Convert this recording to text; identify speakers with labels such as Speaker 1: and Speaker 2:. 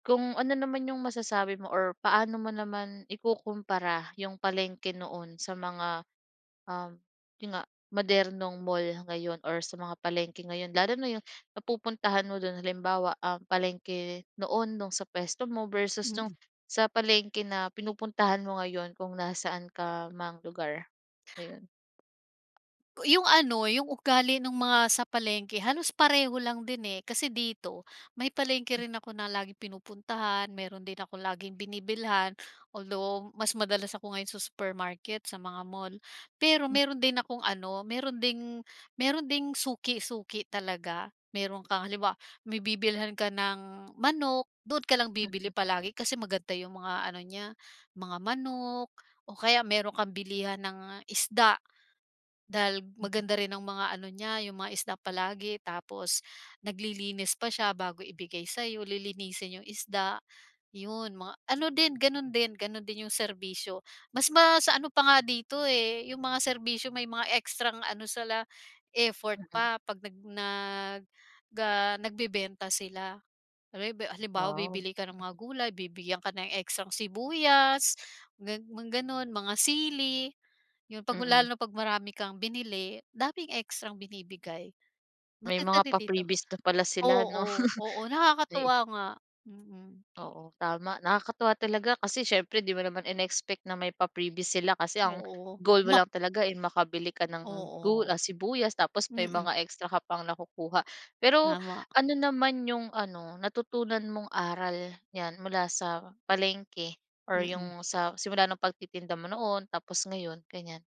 Speaker 1: Kung ano naman 'yong masasabi mo or paano mo naman ikukumpara 'yong palengke noon sa mga, um, 'yon nga modernong mall ngayon or sa mga palengke ngayon? Lalo na 'yong napupuntahan mo do'n halimbawa um, palengke noon no'ng sa puwesto mo versus no'ng
Speaker 2: Mm.
Speaker 1: sa palengke na pinupuntahan mo ngayon, kung nasaan ka mang lugar, ngayon?
Speaker 2: Ku 'Yong ano, 'yong ugali no'ng mga sa palengke, halos pareho lang din, eh, kasi dito may palengke
Speaker 1: M
Speaker 2: rin ako na laging pinupuntahan, meron din akong laging binibilhan. Although, mas madalas ako ngayon sa supermarket, sa mga mall. Pero
Speaker 1: M
Speaker 2: meron din akong ano, meron ding meron ding suki-suki talaga. Meron kang halimbawa, may bibilhan ka ng manok, doon ka lang bibili
Speaker 1: Mm.
Speaker 2: palagi kasi maganda 'yong mga ano niya, mga manok o kaya meron kang bilihan ng isda, dahil
Speaker 1: Mm.
Speaker 2: maganda rin ang mga ano niya, 'yong mga isda palagi, tapos naglilinis pa siya bago ibigay sa'yo, lilinisin 'yong isda. 'Yon mga ano din, gano'n din, gano'n din 'yong serbisyo mas ma sa ano pa nga dito, eh, 'yong mga serbisyo may mga ekstrang ano sila, effort
Speaker 1: Mm.
Speaker 2: pa 'pag nag nag ga nagbebenta sila. Alam mo 'yong ba halimbawa,
Speaker 1: Wow.
Speaker 2: bibili ka ng mga
Speaker 1: Nahi
Speaker 2: gulay, bibigyan ka ng ekstrang sibuyas, ga mga gano'n mga sili, 'yon, 'pag
Speaker 1: Mm.
Speaker 2: lalo na 'pag marami kang binili, daming ekstrang binibigay.
Speaker 1: May
Speaker 2: Maganda
Speaker 1: mga
Speaker 2: rin dito,
Speaker 1: pa-freebies na pala sila, 'no?
Speaker 2: oo, oo,
Speaker 1: Ayu
Speaker 2: nakakatuwa nga, mm.
Speaker 1: Oo, tama. Nakakatuwa talaga kasi siyempre 'di mo naman in-e-expect na may pa-freebies sila kasi ang,
Speaker 2: Oo.
Speaker 1: goal mo
Speaker 2: Ma
Speaker 1: lang talaga, eh, makabili ka ng gul
Speaker 2: Oo.
Speaker 1: ah, sibuyas tapos may
Speaker 2: Mm.
Speaker 1: mga extra ka pang nakukuha. Pero,
Speaker 2: Tama.
Speaker 1: ano naman 'yong ano natutunan mong aral niyan mula sa palengke or
Speaker 2: Mm.
Speaker 1: 'yong sa simula no'ng pagtitinda mo noon tapos ngayon, ganiyan?